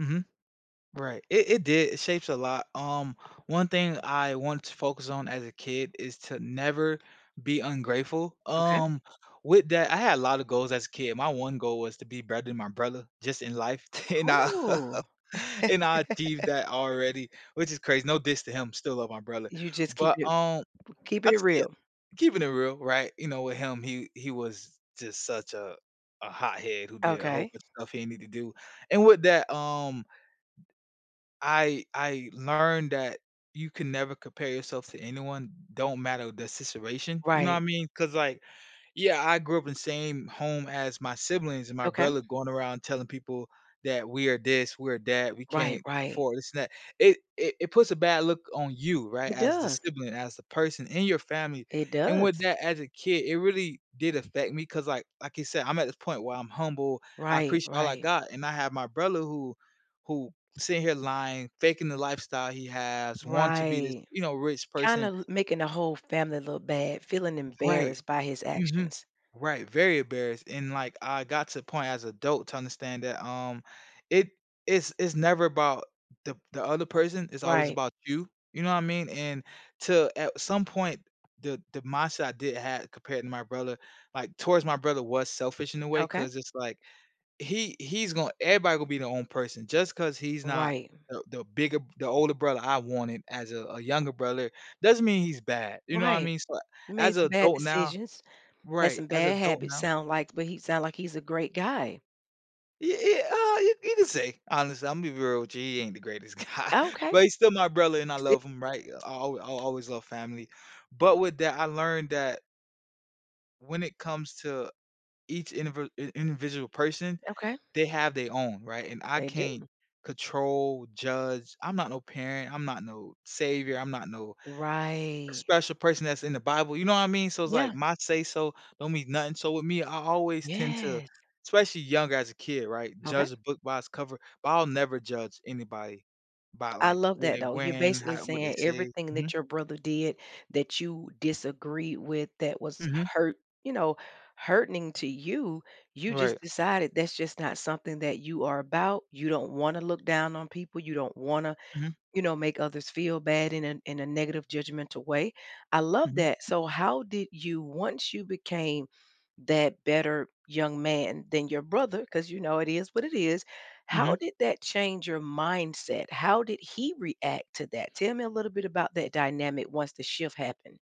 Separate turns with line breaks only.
Mhm. Right. It it did, it shapes a lot. Um, one thing I want to focus on as a kid is to never be ungrateful,
Okay.
um, with that I had a lot of goals as a kid. My one goal was to be better than my brother, just in life, and I
Cool.
and I achieved that already, which is crazy. No diss to him, still love my brother.
You just
But,
keeping it
um,
keeping it
that's yeah.
real.
Keeping it real, right? You know, with him, he he was just such a a hothead who did a whole
Okay.
bunch of stuff he didn't need to do. And with that, um I I learned that you can never compare yourself to anyone. Don't matter the situation. You know what I
Right.
mean, 'cause, like, yeah, I grew up in the same home as my siblings and my
Okay.
brother going around telling people that we are this, we are that, we
Right,
can't
right.
afford this and that. It it it puts a bad look on you, right,
It
as the
does.
sibling, as the person in your family,
It
and with
does.
that as a kid, it really did affect me 'cause, like like you said, I'm at this point where I'm humble. I
Right,
appreciate all I
right.
got, and I have my brother who who sitting here lying, faking the lifestyle he has, want to be this,
Right.
you know, rich
Kinda
person.
l making the whole family look bad, feeling
Right.
embarrassed by his
Mhm.
actions.
Right, very embarrassed. And, like, I got to the point as a adult to understand that, um, it it's it's never about the the other person, it's always
Right.
about you. You know what I mean? And to at some point, the the mindset I did had compared to my brother, like, towards my brother was selfish in a way
Okay.
'cause it's like, he he's gonna everybody gonna be their own person. Just 'cause he's not
Right.
the the bigger the older brother I wanted as a a younger brother, doesn't mean he's bad. You know what I
Right.
mean? So as
Made
a
some bad
adult now
decisions. Had
Right,
some
as a
bad
adult
habits
now
sound like, but he sound like he's a great guy.
Y y ah, you you can say. Honestly, Imma be real with you, he ain't the greatest guy.
Okay.
But he's still my brother, and I love him,
[unintelligible]
right? I'll al I'll always love family. But with that, I learned that when it comes to each indivd in individual person,
Okay.
they have their own, right? And I
They
can't
do.
control, judge. I'm not no parent, I'm not no savior, I'm not no
Right.
special person that's in The Bible. You know what I mean? So it's like
Yeah.
my say so don't mean nothing. So with me, I always tend to
Yes.
especially young as a kid, right,
Okay.
judge a book by its cover, but I'll never judge anybody by,
I
like,
love
what
that,
they
though. You're
wearing,
basically
how what they
saying
say
everything
mhm.
that your brother did that you disagree with that was
Mhm.
hurt you know, hurting to you, you
Right.
just decided that's just not something that you are about, you don't wanna look down on people, you don't wanna,
Mhm.
you know, make others feel bad in a in a negative judgmental way. I love
Mhm.
that, so how did you once you became that better young man than your brother, 'cause you know it is what it is, how
Mhm.
did that change your mindset? How did he react to that? Tell me a little bit about that dynamic once the shift happened.